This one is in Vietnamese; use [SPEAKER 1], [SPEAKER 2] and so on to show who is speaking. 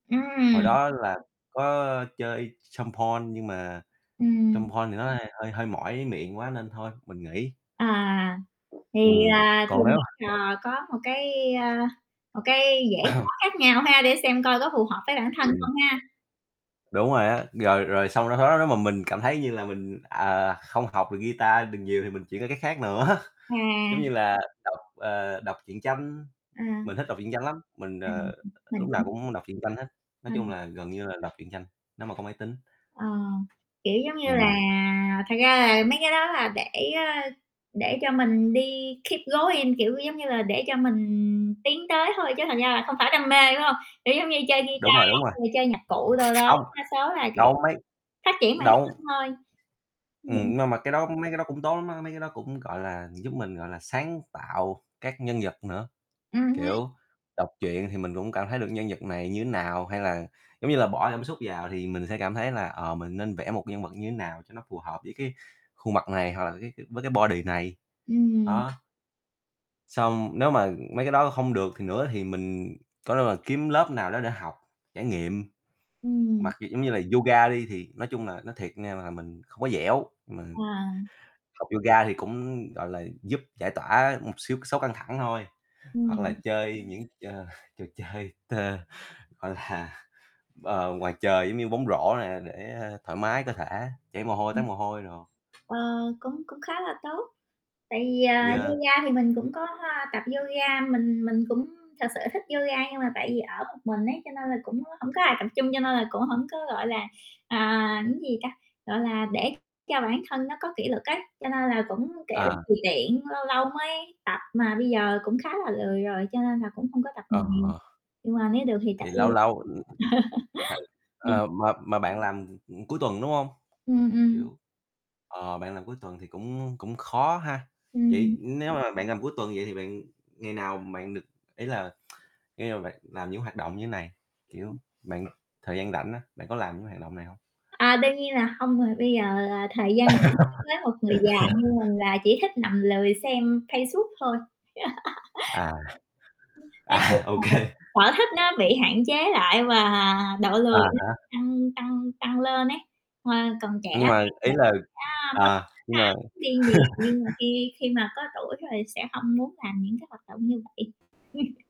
[SPEAKER 1] Hồi
[SPEAKER 2] Ừm.
[SPEAKER 1] đó là có chơi samphor nhưng mà
[SPEAKER 2] Ừm.
[SPEAKER 1] samphor thì nó hay hơi hơi mỏi miệng quá nên thôi mình nghỉ.
[SPEAKER 2] À, thì,
[SPEAKER 1] Ừm,
[SPEAKER 2] à, thì,
[SPEAKER 1] còn nếu
[SPEAKER 2] [unintelligible]
[SPEAKER 1] [unintelligible]
[SPEAKER 2] ờ, có một cái, à, một cái dễ khó khác nhau ha, để xem coi có phù hợp với bản thân
[SPEAKER 1] Ừm.
[SPEAKER 2] không ha.
[SPEAKER 1] Đúng rồi á, rồi rồi xong nó khó, nếu mà mình cảm thấy như là mình, à, không học được guitar được nhiều thì mình chuyển qua cái khác nữa,
[SPEAKER 2] À.
[SPEAKER 1] giống như là đọc, ờ, đọc truyện tranh.
[SPEAKER 2] À.
[SPEAKER 1] Mình thích đọc truyện tranh lắm, mình,
[SPEAKER 2] À,
[SPEAKER 1] ờ,
[SPEAKER 2] [unintelligible] mình
[SPEAKER 1] lúc nào
[SPEAKER 2] cũng
[SPEAKER 1] cũng muốn đọc truyện tranh hết, nói
[SPEAKER 2] Ờ.
[SPEAKER 1] chung là gần như là đọc truyện tranh, nếu mà có máy tính.
[SPEAKER 2] Ờ, kiểu, giống như là
[SPEAKER 1] Ừm.
[SPEAKER 2] thật ra là mấy cái đó là để, ơ, để cho mình đi keep going, kiểu, giống như là để cho mình tiến tới thôi, chứ thật ra là không phải đam mê, phải hông? Kiểu, giống như chơi guitar
[SPEAKER 1] Đúng rồi,
[SPEAKER 2] á,
[SPEAKER 1] đúng rồi.
[SPEAKER 2] rồi chơi nhạc cụ đồ đó,
[SPEAKER 1] Không,
[SPEAKER 2] đa số là, kiểu,
[SPEAKER 1] đâu mấy
[SPEAKER 2] phát triển bản
[SPEAKER 1] đâu
[SPEAKER 2] thân thôi.
[SPEAKER 1] Ừm,
[SPEAKER 2] Ừm.
[SPEAKER 1] nhưng mà mà cái đó mấy cái đó cũng tốt lắm á, mấy cái đó cũng, gọi là, giúp mình, gọi là, sáng tạo các nhân vật nữa,
[SPEAKER 2] Ừm hứm.
[SPEAKER 1] kiểu, đọc truyện thì mình cũng cảm thấy được nhân vật này như thế nào, hay là giống như là bỏ cảm xúc vào thì mình sẽ cảm thấy là, ờ, mình nên vẽ một nhân vật như thế nào cho nó phù hợp với cái khuôn mặt này, hoặc là cái cái với cái body này,
[SPEAKER 2] Ừm.
[SPEAKER 1] đó. Xong nếu mà mấy cái đó không được thì nữa thì mình có thể là kiếm lớp nào đó để học trải nghiệm.
[SPEAKER 2] Ừm.
[SPEAKER 1] Mặc dù giống như là yoga đi, thì nói chung là nói thiệt nha là mình không có dẻo, mà
[SPEAKER 2] À.
[SPEAKER 1] học yoga thì cũng, gọi là, giúp giải tỏa một xíu số căng thẳng thôi, hoặc là
[SPEAKER 2] Ừm.
[SPEAKER 1] chơi những, chờ trò chơi t gọi là, ờ, ngoài trời giống như bóng rổ nè, để, ơ, thoải mái cơ thể, chảy mồ hôi, toát
[SPEAKER 2] Ừm.
[SPEAKER 1] mồ hôi đồ.
[SPEAKER 2] Ờ, cũng cũng khá là tốt. Tại vì, ờ,
[SPEAKER 1] Yeah.
[SPEAKER 2] yoga thì mình cũng có tập yoga. Mình mình cũng thực sự thích yoga, nhưng mà tại vì ở một mình ấy, cho nên là cũng hổng có ai tập chung, cho nên là cũng hổng có, gọi là, à, cái gì ta, gọi là, để cho bản thân nó có kỷ luật á, cho nên là cũng, kiểu,
[SPEAKER 1] À.
[SPEAKER 2] tùy tiện, lâu lâu mới tập, mà bây giờ cũng khá là lười rồi, cho nên là cũng không có tập
[SPEAKER 1] Ờ.
[SPEAKER 2] được nhiều. Nhưng mà nếu được thì tập
[SPEAKER 1] Thì
[SPEAKER 2] luôn.
[SPEAKER 1] lâu lâu, ừm, h
[SPEAKER 2] Ừm.
[SPEAKER 1] ờ, mà mà bạn làm, ừm, ừm, cuối tuần, đúng hông?
[SPEAKER 2] Ừm, ừm.
[SPEAKER 1] Kiểu, ờ, bạn làm cuối tuần thì cũng cũng khó ha.
[SPEAKER 2] Ừm,
[SPEAKER 1] Vậy
[SPEAKER 2] ừm.
[SPEAKER 1] nếu mà bạn làm cuối tuần vậy thì bạn ngày nào bạn được ý là ngày nào bạn làm những hoạt động như thế này, kiểu,
[SPEAKER 2] Ừm.
[SPEAKER 1] bạn thời gian rảnh á, bạn có làm những hoạt động này hông?
[SPEAKER 2] À, đương nhiên là hông rồi, bây giờ là thời gian nghỉ đối với một người già như mình là chỉ thích nằm lười xem Facebook thôi.
[SPEAKER 1] À.
[SPEAKER 2] Nói
[SPEAKER 1] À,
[SPEAKER 2] chung
[SPEAKER 1] OK.
[SPEAKER 2] là sở thích nó bị hạn chế lại và độ
[SPEAKER 1] À
[SPEAKER 2] lười nó
[SPEAKER 1] há.
[SPEAKER 2] tăng tăng tăng lên ấy, hồi còn trẻ
[SPEAKER 1] Nhưng mà
[SPEAKER 2] thì
[SPEAKER 1] ý
[SPEAKER 2] mình
[SPEAKER 1] là
[SPEAKER 2] sẽ muốn
[SPEAKER 1] à,
[SPEAKER 2] khám
[SPEAKER 1] nhưng
[SPEAKER 2] phá
[SPEAKER 1] mà
[SPEAKER 2] đi nhiều, nhưng mà khi khi mà có tuổi rồi sẽ không muốn làm những cái hoạt động như vậy.